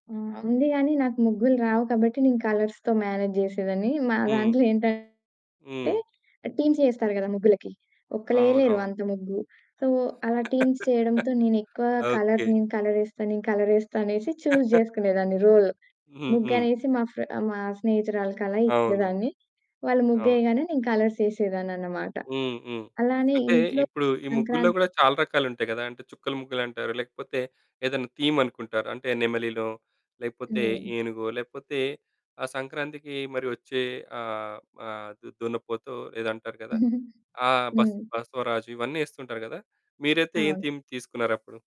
హ్మ్. ఉంది గానీ నాకు ముగ్గులు రావు కాబట్టి నేను కలర్స్‌తో మ్యానేజ్ జేసేదాన్ని. మా హ్మ్. దాంట్లో ఏంటంటే హ్మ్. టీమ్స్ యేస్తారు గదా! ముగ్గులకి. అవును. ఒక్కళ్ళెయలేరు అవును. అంత ముగ్గు. సో అలా టీమ్స్ చేయడంతో నేనెక్కువ కలర్ ఓకే. నేను కలరేస్తా నేను కలరేస్తా అనేసి చూజ్ జేసుకునేదాన్ని రోల్. ముగ్గు హుహు. అనేసి మా ఫ్ర మా స్నేహితురాలకలా అవును. ఇచ్చేదాన్ని. వాళ్ళు అవును. ముగ్గేయగానే నేను కలర్సేసేదాన్ననమాట. హ్మ్. హ్మ్. అలానే అంటే ఇంట్లో ఇప్పుడు ఈ ముగ్గుల్లో సంక్రాంతి గూడా చాలా రకాలుంటాయి గదా! అంటే చుక్కల ముగ్గులంటారు. లేకపోతే ఏదైనా థీమ్ అనుకుంటారు. అంటే నెమలినో లేకపోతే హ్మ్. ఏనుగో లేకపోతే ఆ సంక్రాంతికి మరి వచ్చే ఆహ్, ఆహ్, దున్నపోతో ఏదో అంటారు గదా! ఆ బస్ హ్మ్. బసవరాజు ఇవన్నేస్తుంటారు గదా! మీరైతే ఏం అవును. థీమ్ తీసుకున్నారప్పుడు.